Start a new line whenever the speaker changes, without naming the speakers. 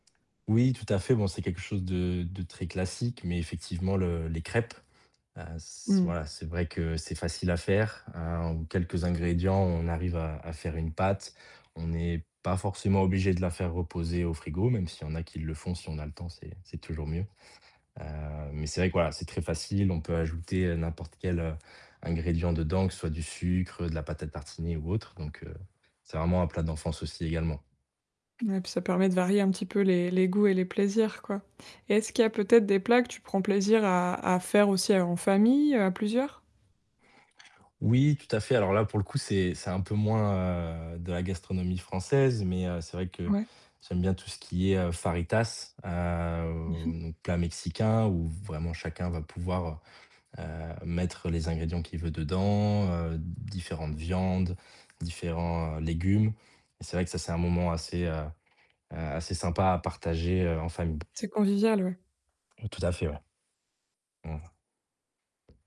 Oui, tout à fait. Bon, c'est quelque chose de de très classique mais effectivement le les crêpes, heu, s
Mmh.
voilà, c'est vrai que c'est facile à faire. Hem, en quelques ingrédients, on arrive à à faire une pâte. On n'est pas forcément obligé de la faire reposer au frigo, même s'il y en a qui le font, si on a le temps, c'est c'est toujours mieux. Heu mais c'est vrai que voilà, c'est très facile, on peut ajouter, heu, n'importe quel, heu, ingrédient dedans, ce soit du sucre, de la pâte à tartiner ou autre. Donc heu, c'est vraiment un plat d'enfance aussi également.
Ouais puis ça permet de varier un petit peu les-les goûts et les plaisirs, quoi et est-ce qu'il y a peut-être des plats que tu prends plaisir à à faire aussi en famille, à plusieurs?
Oui tout à fait. Alors là pour le coup c'est c'est un peu moins, heu, de la gastronomie française mais heu, c'est vrai que
Ouais.
j'aime bien tout ce qui est, heu, fajitas, heu,
Mmh
oh
mh.
donc plat mexicain où vraiment chacun va pouvoir, heu heu, mettre les ingrédients qu'il veut dedans, heu, différentes viandes, différents légumes. C'est vrai que ça, c'est un moment assez, heu, a assez sympa à partager, heu, en famille.
C'est convivial, ouais.
Tout à fait, ouais. Mmh.